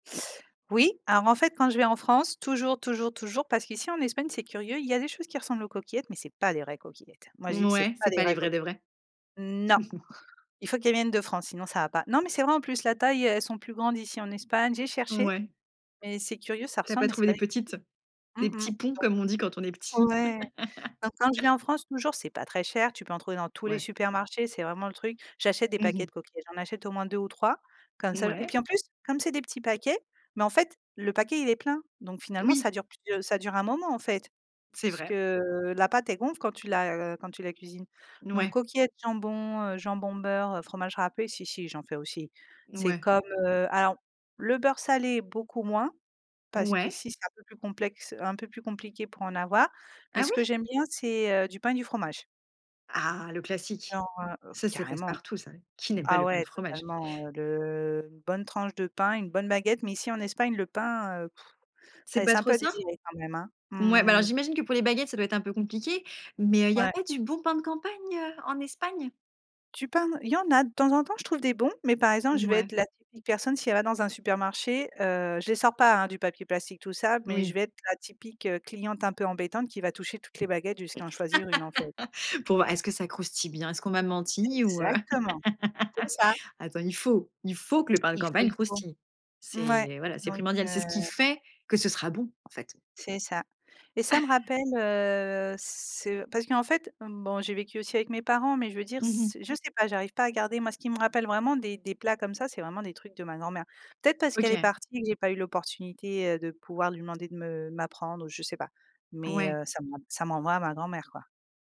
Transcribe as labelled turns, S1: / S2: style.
S1: Oui, alors en fait quand je vais en France, toujours, toujours, toujours, parce qu'ici en Espagne c'est curieux, il y a des choses qui ressemblent aux coquillettes mais c'est pas les vraies coquillettes. Moi je dis que c'est
S2: Mouais,
S1: pas
S2: c'est
S1: des
S2: pas les
S1: vraies
S2: vraies
S1: coq
S2: de vraies?
S1: non. Il faut qu'elles viennent de France sinon ça va pas. Non mais c'est vrai en plus la taille, heu, elles sont plus grandes ici, en Espagne, j'ai cherché
S2: Mouais.
S1: mais c'est curieux ça
S2: Tu as pas
S1: ressemble mais c'est
S2: trouvé
S1: pas
S2: les
S1: des
S2: petites?
S1: coquilles.
S2: Des
S1: Mmh mh,
S2: petits ponts comme on dit quand on est
S1: donc
S2: petit.
S1: ouais, donc quand je viens en France toujours c'est pas très cher, tu peux en trouver dans tous les
S2: Ouais.
S1: supermarchés, c'est vraiment le truc, j'achète des
S2: Mmh
S1: paquets
S2: mh.
S1: de coquillettes, j'en achète au moins 2 ou 3 comme ça et
S2: Mouais.
S1: puis en plus comme c'est des petits paquets, bah, en fait, le paquet il est plein donc finalement
S2: Oui.
S1: ça dure plus de ça dure un moment en fait.
S2: C'est
S1: Puisque,
S2: vrai.
S1: heu, la pâte elle gonfle quand tu la, heu, quand tu la cuisines,
S2: N
S1: donc
S2: ouais.
S1: coquillettes, jambon, heu, jambon, beurre, heu, fromage râpé, si, si, j'en fais aussi. C'est
S2: Ouais.
S1: comme, heu, alors le beurre salé beaucoup moins parce
S2: Ouais.
S1: qu'ici c'est un peu plus complexe, heu, un peu plus compliqué pour en avoir, mais
S2: Ah
S1: ce
S2: oui?
S1: que j'aime bien c'est, heu, du pain et du fromage.
S2: Ah, le classique.
S1: Genre, heu
S2: Ça, ça passe
S1: carrément.
S2: partout, ça. Qui n'aime pas
S1: Ah
S2: le pain et le
S1: ouais
S2: fromage?
S1: totalement, heu, le une bonne tranche de pain, une bonne baguette, mais ici en Espagne le pain, heu,
S2: C'est
S1: ça
S2: pas
S1: laisse un
S2: trop
S1: peu à
S2: ça?
S1: désirer quand même, hein.
S2: Mouais, bah alors,
S1: Mmh.
S2: j'imagine que pour les baguettes, ça doit être un peu compliqué, mais heu, il y a
S1: Ouais.
S2: pas du bon pain de campagne en Espagne?
S1: Tu parles! Il y en a de temps en temps je trouve des bons, mais par exemple je vais
S2: Mouais.
S1: être la [unintelligible] personne, si elle va dans un supermarché, heu, je les sors pas, hein, du papier plastique tout ça, mais je
S2: Oui.
S1: vais être la typique cliente un peu embêtante qui va toucher toutes les baguettes jusqu'à en choisir 1 en fait.
S2: Pour voir est-ce que ça croustille bien? Est-ce qu'on m'a menti ou heu?
S1: Exactement. C'est ça.
S2: Attends, il faut il faut que le pain de
S1: Il faut,
S2: campagne
S1: il faut.
S2: croustille.
S1: Ouais,
S2: C'est, voilà, c'est
S1: donc
S2: primordial. C'est ce qui
S1: heu
S2: fait que ce sera bon, en fait.
S1: C'est ça, et ça me rappelle, heu, ce parce qu'en fait, mmh, bon, j'ai vécu aussi avec mes parents mais je veux dire
S2: Mmh mh.
S1: s je sais pas j'arrive pas à garder moi, ce qui me rappelle vraiment des des plats comme ça c'est vraiment des trucs de ma grand-mère. Peut-être parce qu'elle est
S2: OK.
S1: partie que j'ai pas eu l'opportunité, heu, de pouvoir lui demander de me m'apprendre, ou je sais pas, mais
S2: Ouais.
S1: heu, ça m'en ça m'envoie à ma grand-mère, quoi.